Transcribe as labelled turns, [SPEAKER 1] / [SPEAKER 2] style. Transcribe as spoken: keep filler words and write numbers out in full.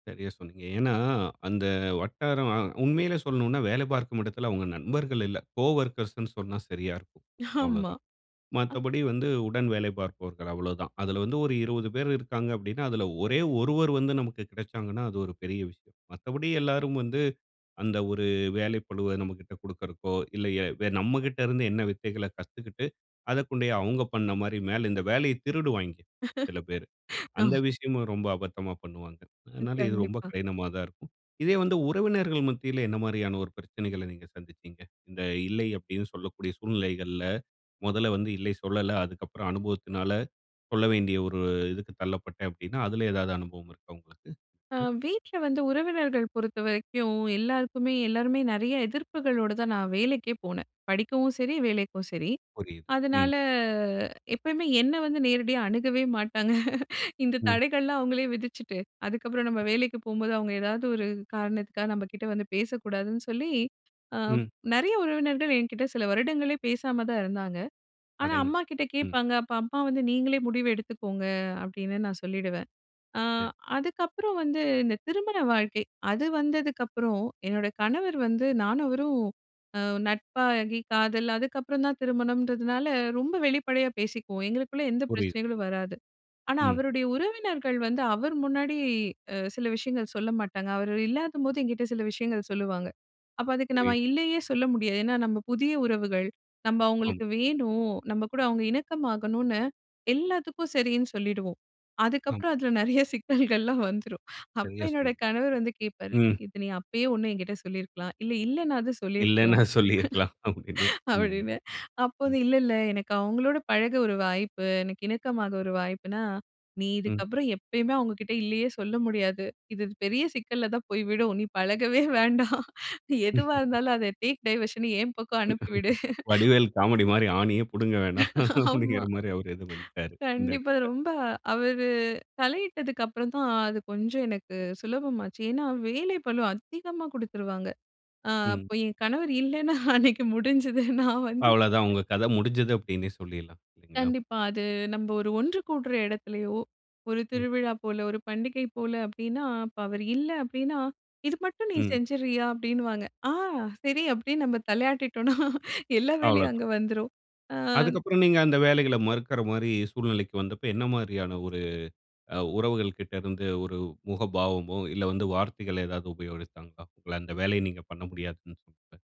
[SPEAKER 1] சரியா சொன்னீங்க. ஏன்னா, அந்த வட்டாரம் அ உண்மையிலே சொல்லணுனா, வேல பார்க்கும் இடத்தில அவங்க நண்பர்கள் இல்ல. கோவொர்க்கர்ஸ்ன்னு சொன்னா சரியா இருக்கும்
[SPEAKER 2] ஆமா.
[SPEAKER 1] அவ்வளோதான்.
[SPEAKER 2] ஆ
[SPEAKER 1] மத்தபடி வந்து உடன் வேலை பார்ப்பவர்கள் அவ்வளோதான் அதில வந்து ஒரு இருபது பேர் இருக்காங்க அப்டின்னா அதில ஒரே ஒருவர் வந்து நமக்கு கிடைச்சாங்கன்னா, அது ஒரு பெரிய விஷயம். மத்தபடி எல்லாரும் வந்து அந்த ஒரு வேலை பழுவ நம்மகிட்ட குடுக்கறக்கோ, இல்ல எ நம்மகிட்ட இருந்து என்ன வித்தைகள கத்துக்கிட்டு அதக்கொண்டேயே அவங்க பண்ண மாரி, மேல இந்த வேலையை திருடுவாய்ங்க சில பேர். அந்த
[SPEAKER 2] ஆம்.
[SPEAKER 1] விஷயமும் ரொம்ப அபத்தமா பண்ணுவாங்க.
[SPEAKER 2] அ,
[SPEAKER 1] அதனால இது ரொம்ப
[SPEAKER 2] கண்டிப்பா.
[SPEAKER 1] கடினமா தான் இருக்கும். இதே வந்து உறவினர்கள் மத்தியில என்ன மாரியான ஒரு பிரச்சனகள நீங்க சந்திச்சிங்க. இந்த இல்லை அப்டினு சொல்லக்கூடிய சூழ்நிலைகள்ல முதல்ல வந்து இல்ல சொல்லல. அதுக்கு அப்புறம் அனுபவத்தினால சொல்ல வேண்டிய ஒரு இதுக்கு தள்ளப்பட்டேன் அப்டினா, அதில ஏதாவது அனுபவம் இருக்கா உங்களுக்கு?
[SPEAKER 2] அ வீட்ல வந்து உறவினர்ங்கள் பொறுத்த வரைக்கும் எல்லாருக்குமே எல்லாருமே நெறைய எதிர்ப்புகளோடு தான் நான் வேலைக்கே போனேன். படிக்கவும் சரி, வேலைக்கும் சரி.
[SPEAKER 1] புரியுது. ம்.
[SPEAKER 2] அதனால எப்பயுமே என்ன வந்து நேரடியா அணுகவே மாட்டாங்க. இந்த
[SPEAKER 1] ம்.
[SPEAKER 2] தடைகள்லாம் அவங்களே விதிச்சுட்டு, அதுக்கப்புறம் நம்ம வேலைக்கு போம்போது அவங்க ஏதாவது ஒரு காரணத்துக்கா நம்ம கிட்ட வந்து பேசக்கூடாதுன்னு சொல்லி, அ
[SPEAKER 1] ம்.
[SPEAKER 2] நெறைய உறவினர்கள் என்கிட்ட சில வருடங்களே பேசாம தான் இருந்தாங்க. ஆனா,
[SPEAKER 1] அடேங்க,
[SPEAKER 2] அம்மாகிட்ட
[SPEAKER 1] ம்.
[SPEAKER 2] கேட்பாங்க. அப்ப அம்மா வந்து நீங்களே முடிவு எடுத்துக்கோங்க அப்டின்னு நான் சொல்லிடுவேன். ஆ
[SPEAKER 1] சரி.
[SPEAKER 2] அதுக்கப்புறம் வந்து இந்த திருமண வாழ்க்கை அது வந்ததுக்கப்புறம் என்னோட கணவர் வந்து நானும் அவரும் ஒரு நட்பாகி காதல் அதுக்கப்புறம் தான் திருமணம்ன்றதுனால ரொம்ப வெளிப்படையா பேசிக்குவோம் எங்களுக்குள்ள எந்த
[SPEAKER 1] புரியுது.
[SPEAKER 2] பிரச்சனகளும் வராது. ஆனா,
[SPEAKER 1] ம்.
[SPEAKER 2] அவருடைய உறவினர்கள் வந்து அவர் முன்னாடி அ சில விஷயங்கள் சொல்ல மாட்டாங்க. அவர் இல்லாதபோது என்கிட்ட சில விஷயங்கள் சொல்லுவாங்க. அப்ப அதுக்கு நம்ம
[SPEAKER 1] புரியுது.
[SPEAKER 2] இல்லயே சொல்ல முடியாது. ஏன்னா, நம்ம புதிய உறவுகள் நம்ம
[SPEAKER 1] அம்.
[SPEAKER 2] அவங்களுக்கு வேணும். நம்ம கூட அவங்க இணக்கமாகணுனு, எல்லாத்துக்கும் சரினு சொல்லிடுவோம்.
[SPEAKER 1] அம்.
[SPEAKER 2] அதுக்கப்புறம் அதில நெறைய சிக்னல்கள் எல்லாம் வந்துரும். அப்ப
[SPEAKER 1] சரியா
[SPEAKER 2] என்னோட
[SPEAKER 1] சொன்னீங்க.
[SPEAKER 2] கணவர் வந்து கேட்பாரு.
[SPEAKER 1] ம்
[SPEAKER 2] இது நீ அப்பயே ஒண்ணு என்கிட்ட சொல்லியிருக்கலாம் இல்ல, இல்லனுனாது
[SPEAKER 1] இல்லன்னா
[SPEAKER 2] சொல்லியிருக்கலாம்.
[SPEAKER 1] சொல்லியிருக்கலாம் அப்டின்னு. ம்.
[SPEAKER 2] அப்டினு. அப்போது
[SPEAKER 1] ம்.
[SPEAKER 2] இல்ல இல்ல எனக்கு அவங்களோடு பழக ஒரு வாய்ப்பு எனக்கு இணக்கமா ஒரு வாய்ப்புனா, நீ
[SPEAKER 1] ம்.
[SPEAKER 2] இதுக்கு அப்புறம் எப்பையுமே அவங்ககிட்ட இல்லயே சொல்ல முடியாது. இது பெரிய சிக்கல்ல தான் போய் விடும். நீ பழகவே வேண்டாம். எதுவா இருந்தாலும் அத டேக் டைவர்ஷன் என் பக்கம் அனுப்பி விடு.
[SPEAKER 1] வடிவேல் காமெடி மாரி. "ஆணியே புடுங்க வேணாம்"
[SPEAKER 2] ஆமா.
[SPEAKER 1] அப்டிங்கிற மாரி அவர் எதும் பண்ட்டாரு. இந்த
[SPEAKER 2] கண்டிப்பா
[SPEAKER 1] இடத்தில.
[SPEAKER 2] ரொம்ப அவர் தலையிட்டதுக்கு அப்புறம் தான் அது கொஞ்சம் எனக்கு சுலபம் ஆச்சு. ஏன்னா வேலை பழு அதிகமா குடுத்துருவாங்க. ஆ
[SPEAKER 1] ம்.
[SPEAKER 2] அப்ப என் கணவர் இல்லனா அன்னைக்கு முடிஞ்சுது. நான் வந்து
[SPEAKER 1] அவ்வள தான் உங்க கத முடிஞ்சுது அப்டினே சொல்லிடலாம். [unintelligible]
[SPEAKER 2] கண்டிப்பா. அது நம்ம ஒரு ஒன்று கூடுற இடத்திலேயோ ஒரு
[SPEAKER 1] ம்.
[SPEAKER 2] திருவிழா போல ஒரு பண்டிகை போல அப்டின்னா, அப்ப அவர் இல்ல அப்டின்னா இது மட்டும் நீ
[SPEAKER 1] ம்.
[SPEAKER 2] செஞ்சுறியா அப்டின்னுவாங்க. ஆ சரி, அப்டின்னு நம்ம தலையாட்டிட்டோம்னா எல்லா வேலையும்
[SPEAKER 1] அவ்வளவுதா
[SPEAKER 2] அங்க வந்துரும். அ.
[SPEAKER 1] அதுக்கப்புறம் நீங்க அந்த வேலைகள மறுக்கிற மாரி சூழ்நிலைக்கு வந்தப்போ, என்ன மாரியான ஒரு அ உறவுகள் கிட்ட இருந்து ஒரு முகபாவமோ, இல்ல வந்து வார்த்தைகள் ஏதாவது உபயோகிச்சாங்களா உங்கள அந்த வேலையை நீங்க பண்ண முடியாதுன்னு சொன்னப்ப.